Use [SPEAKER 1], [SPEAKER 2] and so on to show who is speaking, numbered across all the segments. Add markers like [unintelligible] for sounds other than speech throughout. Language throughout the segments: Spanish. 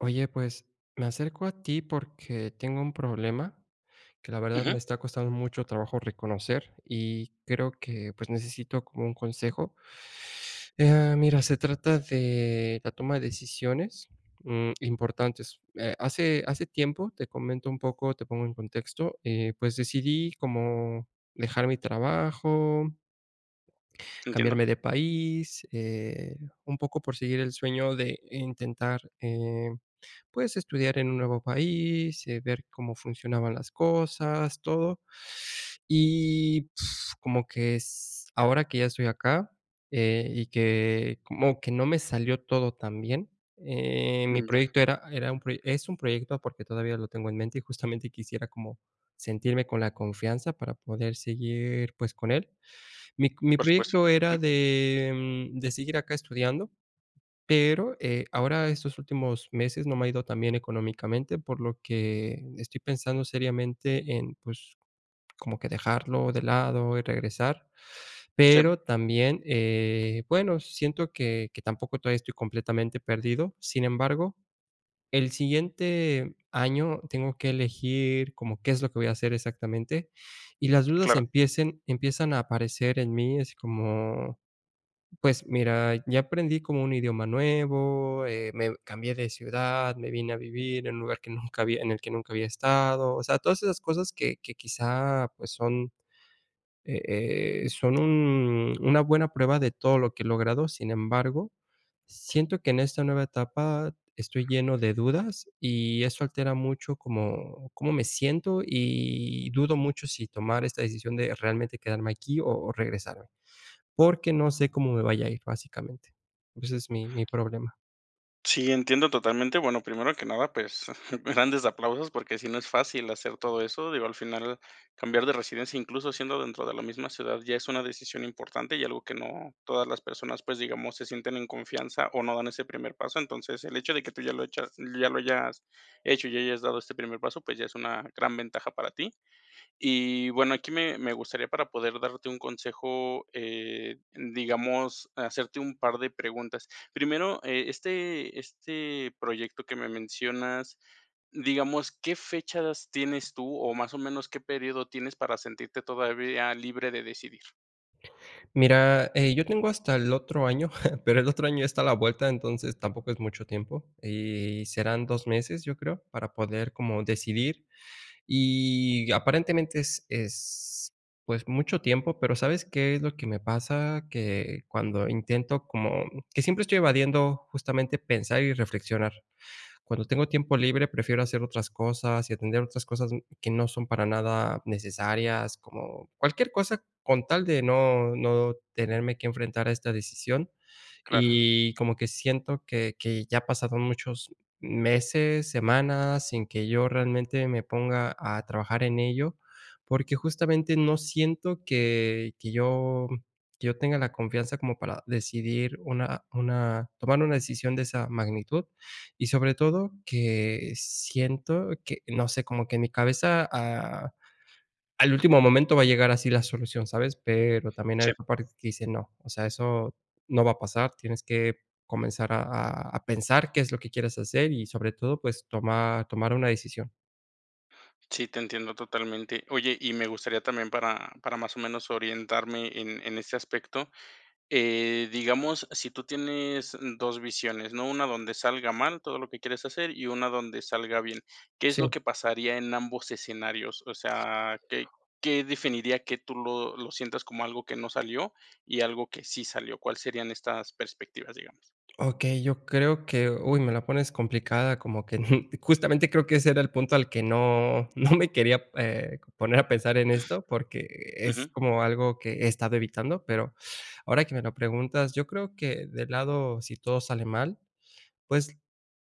[SPEAKER 1] Oye, pues, me acerco a ti porque tengo un problema, que la verdad, me
[SPEAKER 2] Ujú.
[SPEAKER 1] está costando mucho trabajo reconocer y creo que, pues, necesito como un consejo. Eh mira, se trata de la toma de decisiones, mm, importantes, eh, hace hace tiempo, te comento un poco, te pongo en contexto, eh, pues decidí como dejar mi trabajo
[SPEAKER 2] Entiendo.
[SPEAKER 1] cambiarme de país, eh, un poco por seguir el sueño de intentar, eh, pues, estudiar en un nuevo país, eh, ver cómo funcionaban las cosas todo, y,, [lip trill] como que es ahora que ya estoy acá, eh, y que como que no me salió todo tan bien, eh, mi
[SPEAKER 2] Mm, ya.
[SPEAKER 1] proyecto era era un proyec es un proyecto porque todavía lo tengo en mente y justamente quisiera como sentirme con la confianza para poder seguir, pues, con él. Mi mi
[SPEAKER 2] Por supuesto,
[SPEAKER 1] proyecto era
[SPEAKER 2] ujú.
[SPEAKER 1] de, mm, de seguir acá estudiando, pero, eh, ahora estos últimos meses no me ha ido tan bien económicamente, por lo que estoy pensando seriamente en, pues, como que dejarlo de lado y regresar,
[SPEAKER 2] Sí.
[SPEAKER 1] pero también, eh, bueno, siento que que tampoco todavía estoy completamente perdido, sin embargo, el siguiente año tengo que elegir como qué es lo que voy a hacer exactamente, y las dudas
[SPEAKER 2] Claro.
[SPEAKER 1] empiecen empiezan a aparecer en mí, así como, pues mira, ya aprendí como un idioma nuevo, eh, me cambié de ciudad, me vine a vivir en un lugar que nunca había en el que nunca había estado, o sea, todas esas cosas que que quizá, pues son, eh, son un una buena prueba de todo lo que he logrado, sin embargo, siento que en esta nueva etapa estoy lleno de dudas y eso altera mucho cómo cómo me siento y dudo mucho si tomar esta decisión de realmente quedarme aquí o o regresarme, porque no sé cómo me vaya a ir básicamente. Ese es mi mi problema.
[SPEAKER 2] Sí, entiendo totalmente. Bueno, primero que nada, pues, grandes aplausos porque sí no es fácil hacer todo eso, digo, al final cambiar de residencia, incluso siendo dentro de la misma ciudad, ya es una decisión importante y algo que no todas las personas, pues, digamos, se sienten en confianza o no dan ese primer paso. Entonces, el hecho de que tú ya lo echas, ya lo hayas hecho y hayas dado este primer paso, pues ya es una gran ventaja para ti. Y bueno, aquí me me gustaría para poder darte un consejo, eh, digamos, hacerte un par de preguntas. Primero, eh, este este proyecto que me mencionas, digamos, ¿qué fechas tienes tú o más o menos qué periodo tienes para sentirte todavía libre de decidir?
[SPEAKER 1] Mira, eh, yo tengo hasta el otro año, [chuckles] pero el otro año está a la vuelta, entonces tampoco es mucho tiempo y serán 2 meses, yo creo, para poder como decidir. Y aparentemente es es, pues mucho tiempo, pero, ¿sabes qué es lo que me pasa? Que cuando intento como, mm, que siempre estoy evadiendo justamente pensar y reflexionar. Cuando tengo tiempo libre prefiero hacer otras cosas y atender otras cosas, mm, que no son para nada necesarias, como cualquier cosa con tal de no no tenerme que enfrentar a esta decisión.
[SPEAKER 2] Claro.
[SPEAKER 1] Y como que siento que que ya ha pasado muchos meses, semanas, sin que yo realmente me ponga a trabajar en ello, porque justamente no siento que que yo que yo tenga la confianza como para decidir una una tomar una decisión de esa magnitud y sobre todo que siento que no sé, como que en mi cabeza, ah, al último momento va a llegar así la solución, ¿sabes? Pero también hay
[SPEAKER 2] Sí.
[SPEAKER 1] otra parte que dice no, o sea, eso no va a pasar. Tienes que comenzar a a pensar qué es lo que quieres hacer y sobre todo, pues tomar tomar una decisión.
[SPEAKER 2] Sí, te entiendo totalmente. Oye, y me gustaría también para para más o menos orientarme en en ese aspecto, eh, digamos, si tú tienes, mm, 2 visiones, ¿no? Una donde salga mal todo que quieres hacer y una donde salga bien. ¿Qué es
[SPEAKER 1] Sí.
[SPEAKER 2] lo que pasaría en ambos escenarios? Osea, ¿qué qué definiría que tú lo lo sientas como algo que no salió y algo que sí salió? ¿Cuál serían estas perspectivas, digamos?
[SPEAKER 1] Okey, yo creo que, uy, me la pones complicada, como que, [chuckles] justamente creo que ese era el punto al que no no me quería, eh, c poner a pensar en esto, porque es
[SPEAKER 2] Ujú.
[SPEAKER 1] como algo que he estado evitando. Pero ahora que me lo preguntas, yo creo que del lado, si todo sale mal, pues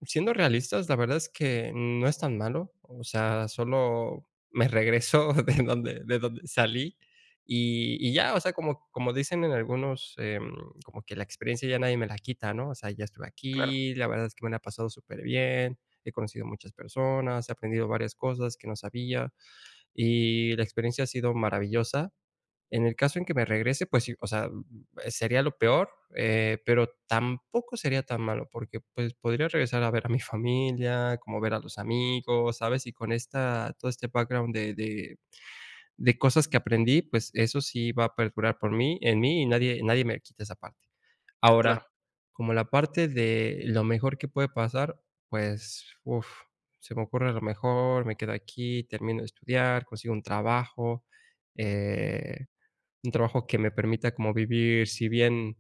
[SPEAKER 1] siendo realistas, la verdad es que no es tan malo, o sea, solo me regreso de donde de donde salí y y ya, o sea, como como dicen en algunos, em, como que la experiencia ya nadie me la quita, ¿no? O sea, ya estuve
[SPEAKER 2] Claro.
[SPEAKER 1] aquí, la verdad es que me la ha pasado superbien, he conocido muchas personas, he aprendido varias cosas que no sabía y la experiencia ha sido maravillosa. En el caso en que me regrese, pues sí, o sea, uh, uh, sería lo peor, eh, pero tampoco sería tan malo, porque pues podría regresar a ver a mi familia, como ver a los amigos, ¿sabes? Y con esta todo este background de de de cosas que aprendí, pues eso sí va a perdurar por mí en mí, y nadie nadie me quita esa parte. Ahora,
[SPEAKER 2] Claro.
[SPEAKER 1] como la parte de lo mejor que puede pasar, pues, uf, se me ocurre a lo mejor, me quedo aquí, termino de estudiar, consigo un trabajo, eh, un trabajo que me permita como vivir, si bien,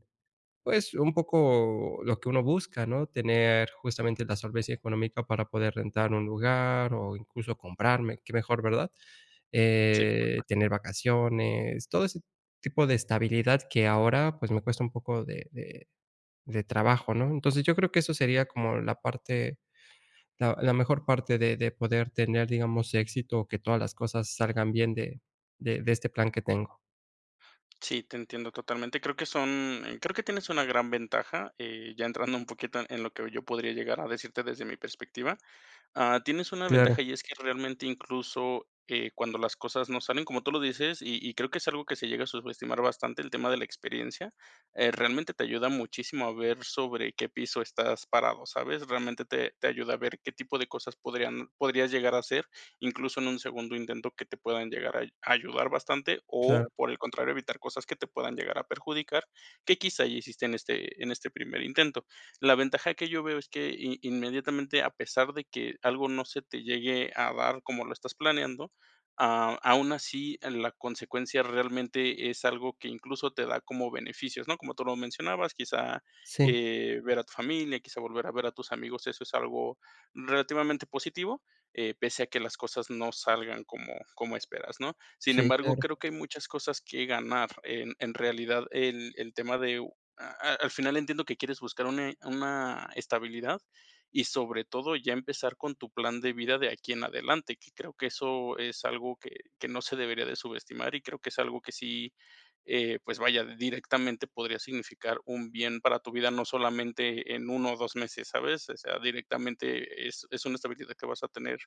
[SPEAKER 1] pues, un poco lo que uno busca, ¿no?, tener justamente la solvencia económica para poder rentar un lugar o incluso comprarme, qué mejor, ¿verdad?
[SPEAKER 2] Sí,
[SPEAKER 1] Eh,
[SPEAKER 2] perfecto.
[SPEAKER 1] tener vacaciones, todo ese tipo de estabilidad que ahora, pues, me cuesta un poco de de de trabajo, ¿no? Entonces, yo creo que eso sería como la parte la la mejor parte de de poder tener, digamos, éxito, o que todas las cosas salgan bien de de de este plan que tengo.
[SPEAKER 2] Sí, te entiendo totalmente. Creo que son, eh, creo que tienes una gran ventaja, eh, ya entrando un poquito en lo que yo podría llegar a decirte desde mi perspectiva. Ah, tienes una
[SPEAKER 1] Claro.
[SPEAKER 2] ventaja y es que realmente, incluso, eh, cuando las cosas no salen como tú lo dices, y y creo que es algo que se llega a subestimar bastante, el tema de la experiencia, eh, realmente te ayuda muchísimo a ver sobre qué piso estás parado, ¿sabes? Realmente te te ayuda a ver qué tipo de cosas podrían podrías llegar a hacer, incluso en un segundo intento, que te puedan llegar a ay ayudar bastante o,
[SPEAKER 1] Claro.
[SPEAKER 2] por el contrario, evitar cosas que te puedan llegar a perjudicar, que, quizá, ya hiciste en este en este primer intento. La ventaja que yo veo es que i inmediatamente, a pesar de que algo no se te llegue a dar como lo estás planeando, ah, aún así en la consecuencia, realmente es algo que incluso te da como beneficios, ¿no? Como tú lo mencionabas, quizá,
[SPEAKER 1] Sí.
[SPEAKER 2] eh, ver a tu familia, quizá, volver a ver a tus amigos, eso es algo relativamente positivo, eh, pese a que las cosas no salgan como como esperas, ¿no? Sin
[SPEAKER 1] Sí,
[SPEAKER 2] embargo,
[SPEAKER 1] claro.
[SPEAKER 2] creo que hay muchas cosas que ganar, en en realidad, el el tema de u a al final entiendo que quieres buscar une una estabilidad, y sobre todo, ya empezar con tu plan de vida de aquí en adelante, que creo que eso es algo que que no se debería de subestimar y creo que es algo que sí, eh, pues vaya, directamente podría significar un bien para tu vida, no solamente en 1 o 2 meses, ¿sabes? O sea, directamente es es una estabilidad que vas a tener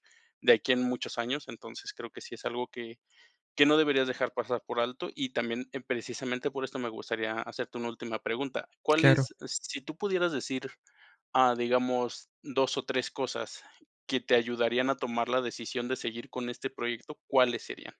[SPEAKER 2] de aquí en muchos años. Entonces, creo que sí es algo que que no deberías dejar pasar por alto. Y también, en precisamente por esto, me gustaría hacerte una última pregunta, ¿cuál
[SPEAKER 1] Claro.
[SPEAKER 2] es, si tú pudieras decir, ah, digamos, 2 o 3 cosas que te ayudarían a tomar la decisión de seguir con este proyecto, cuáles serían?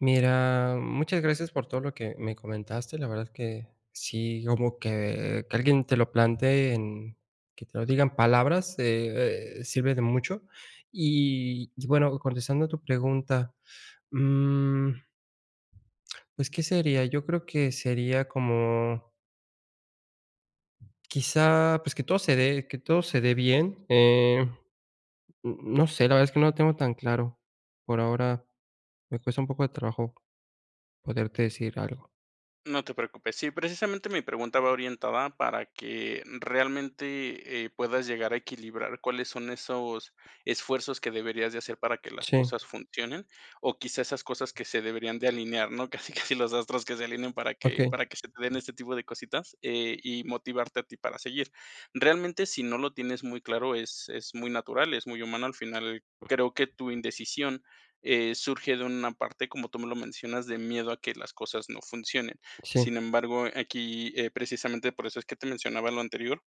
[SPEAKER 1] Mira, muchas gracias por todo lo que me comentaste. La verdad es que sí, como que que alguien te lo plantee en que te lo diga en palabras, eh eh, sirve de mucho. Y, y bueno, contestando a tu pregunta, mm Pues, ¿qué sería? Yo creo que sería como quizá, pues, que todo se dé que todo se dé bien, eh n no sé, la verdad es que no lo tengo tan claro. Por ahora, me cuesta un poco de trabajo, poderte decir algo.
[SPEAKER 2] No te preocupes. Sí, precisamente mi pregunta va orientada para que realmente, eh, puedas llegar a equilibrar cuáles son esos esfuerzos que deberías de hacer para que las
[SPEAKER 1] Sí.
[SPEAKER 2] cosas funcionen, o quizá esas cosas que se deberían de alinear, ¿no? Casi, casi, los astros que se alineen para que
[SPEAKER 1] Okey.
[SPEAKER 2] para que se te den este tipo de cositas, eh, y motivarte a ti para seguir. Realmente, si no lo tienes muy claro, es es muy natural, es muy humano. Al final, creo que tu indecisión, eh, surge de una parte, como tú me lo mencionas, de miedo a que las cosas no funcionen.
[SPEAKER 1] Sí.
[SPEAKER 2] Sin embargo, aquí, eh, precisamente por eso es que te mencionaba lo anterior.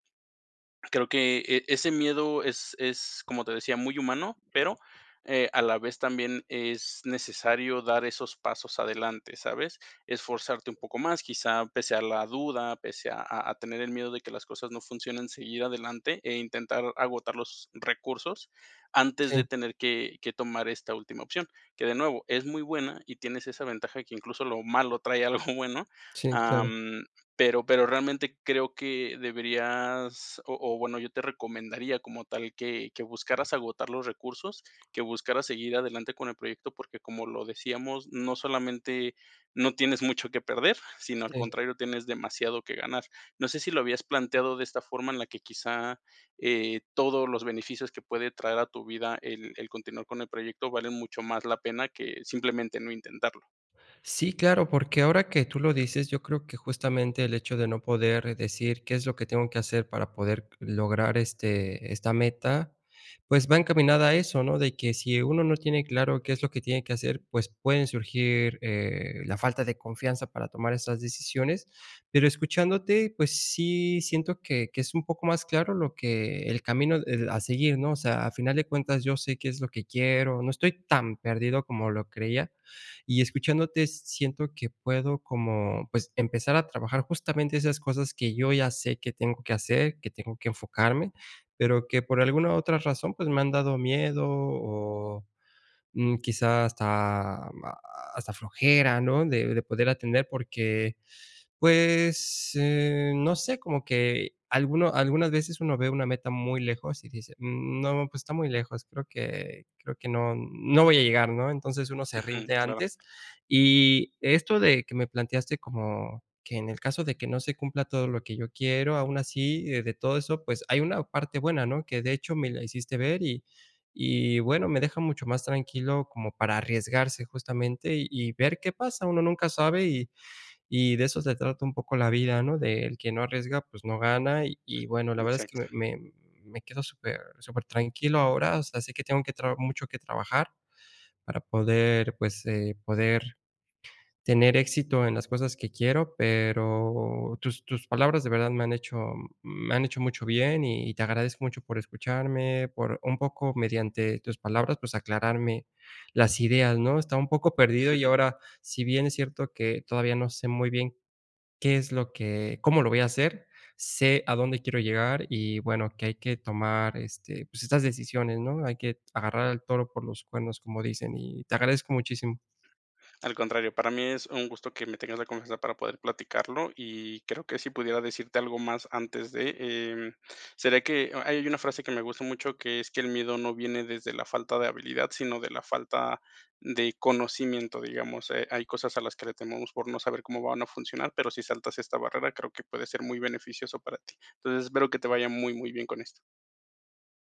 [SPEAKER 2] Creo que, eh, ese miedo es es, como te decía, muy humano, pero,
[SPEAKER 1] [unintelligible]
[SPEAKER 2] eh, a la vez también es necesario dar esos pasos adelante, ¿sabes? Esforzarte un poco más, quizá pese a la duda, pese a a tener el miedo de que las cosas no funcionen, seguir adelante e intentar agotar los recursos antes de
[SPEAKER 1] Sí.
[SPEAKER 2] tener que que tomar esta última opción. Que, de nuevo, es muy buena y tienes esa ventaja que incluso lo malo trae algo bueno,
[SPEAKER 1] Sí, claro.
[SPEAKER 2] am, pero pero realmente creo que deberías o o, bueno, yo te recomendaría como tal que que buscaras agotar los recursos, que buscaras seguir adelante con el proyecto, porque, como lo decíamos, no solamente no tienes mucho que perder, sino, al
[SPEAKER 1] Sí.
[SPEAKER 2] contrario, tienes demasiado que ganar. No sé si lo habías planteado de esta forma en la que quizá, eh, todos los beneficios que puede traer a tu vida el el continuar con el proyecto valen mucho más la pena que simplemente no intentarlo.
[SPEAKER 1] Sí, claro, porque ahora que tú lo dices, yo creo que justamente el hecho de no poder decir qué es lo que tengo que hacer para poder l lograr, este, esta meta, pues va encaminada a eso, ¿no?, de que si uno no tiene claro qué es lo que tiene que hacer, pues pueden surgir, eh, la falta de confianza para tomar esas decisiones. Pero escuchándote, pues, sí siento que que es un poco más claro lo que el camino, eh, a seguir, ¿no?, o sea, a final de cuentas, yo sé qué es lo que quiero, no estoy tan perdido como lo creía, y escuchándote siento que puedo como, pues, empezar a trabajar justamente esas cosas que yo ya sé que tengo que hacer, que tengo que enfocarme, pero, que por alguna otra razón, pues me han dado miedo o, mm, quizá hasta hasta flojera, ¿no?, de de poder atender, porque, pues, eh, no sé, como que alguno algunas veces uno ve una meta muy lejos y dice: "Mm, no, pues está muy lejos, creo que creo que no no voy a llegar", ¿no?, entonces, uno se
[SPEAKER 2] Ujú.
[SPEAKER 1] rinde
[SPEAKER 2] Claro.
[SPEAKER 1] antes. Y esto de que me planteaste como que en el caso de que no se cumpla todo lo que yo quiero, aun así de todo eso, pues hay una parte buena, ¿no?, que de hecho me la hiciste ver, y y bueno, me deja mucho más tranquilo como para arriesgarse justamente y y ver qué pasa, uno nunca sabe y y de eso se trata un poco la vida, ¿no?, de el que no arriesga, pues no gana. Y y bueno, la verdad es que
[SPEAKER 2] Exacto.
[SPEAKER 1] me me me quedo super supertranquilo ahora. O sea, sé que tengo que traba mucho que trabajar, para poder, pues, eh, poder tener éxito en las cosas que quiero. Pero, tus tus palabras de verdad me han hecho me han hecho mucho bien y te agradezco mucho por escucharme, por un poco mediante tus palabras, pues aclararme las ideas, ¿no?, estaba un poco perdido y
[SPEAKER 2] [chuckles]
[SPEAKER 1] ahora, si bien es cierto que todavía no sé muy bien, qué es lo que cómo lo voy a hacer, sé a dónde quiero llegar y bueno, que hay que tomar, este, pues estas decisiones, ¿no?, "Hay que agarrar el toro por los cuernos", como dicen. Y te agradezco muchísimo.
[SPEAKER 2] Al contrario, para mí es un gusto que me tengas la confianza para poder platicarlo y creo que sí pudiera decirte algo más antes de, em, sería que ahí. eh, hay una frase que me gusta mucho, que es que: "El miedo no viene desde la falta de habilidad, sino de la falta de conocimiento", digamos, eh, hay cosas a las que le tememos por no saber cómo van a funcionar, pero si saltas esta barrera, creo que puede ser muy beneficioso para ti. Entonces, espero que te vaya muy, muy bien con esto.